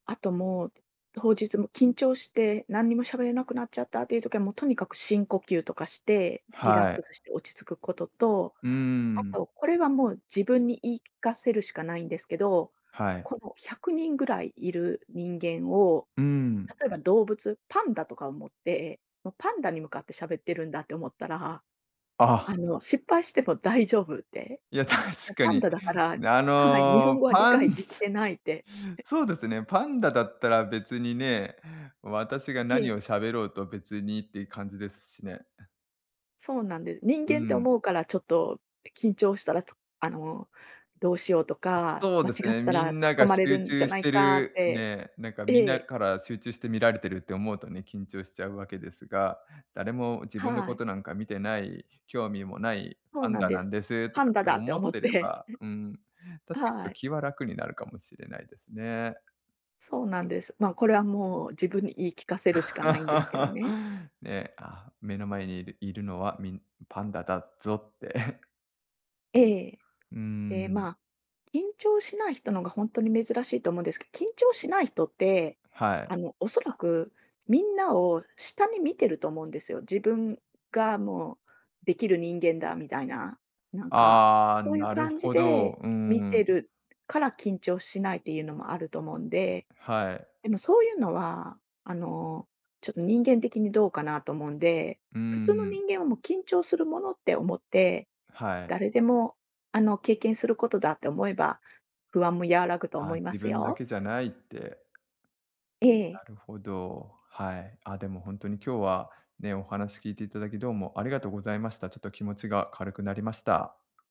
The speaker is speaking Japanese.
あと、もう、当日も緊張して、なんにもしゃべれなくなっちゃったっていう時は、もう、とにかく深呼吸とかして、リラッはい。クスして落ち着くことと、うんうんあうん。と、これはもう自分に言い聞かせるしかないんですけど、はい。この、100人ぐらいいる人間を、うーん。例えば動物、パンダとか思って、もうパンダに向かってしゃべってるんだって思ったら、あ。あの失敗しても大丈夫って、いや、も確うかパンに。ダだから、あはい、日本の語は理パ解ンでつきつてないって。そうですね、パンダだったら別にね、私がなえにえ。をしゃべろうと別にっていう感じですしね。そうなんで人うん間ってうん。思うから、ちょっと緊張したら、つあの、どうしようとか、そう間です違っね、たみら突っんな込がまれる集んじゃ中しないてかっるてね、なんか、えみなえ。から集中して見られてるって思うとね緊張しちゃうわけですが、誰も自分のはこい。となんか見てない、興味もないそうパンなんダでなんす。ですとパかンっダてだって思っ思ってれて。ば、うーん、確かにちょっはとい。気は楽になるかもしれないですね。そうなんです。ま、これはもう、自分に言い聞かせるしかないんですけどね。ね、あ、目の前にいるいるのは、みんパンダだぞって。ええ。うーええ、ん。ま、緊張しない人のがほんとに珍しいと思うんですけ緊張しない人って、はい。あの、おそらく、みんなを下に見てると思うんですよ、自分がもう、できる人間だ、みたいな。なんか、ああ、そういうなる感じほど、でうー見ん。てるから緊張しないっていうのもあると思うんで、はい。でも、そういうのは、あの、ちょっと人間的にどうかなと思うんで、う普んう通のん。人間は、も、緊張するものって思って、はい。誰でも、あの、経験することだって思えば、不安も和らぐと思あ、いま自す分だよ。けじゃないって。えなえ。るほど、はい。あ、でもほんとに今日はね、お話聞いていただき、どうもありがとうございました。ちょっと気持ちが軽くなりました。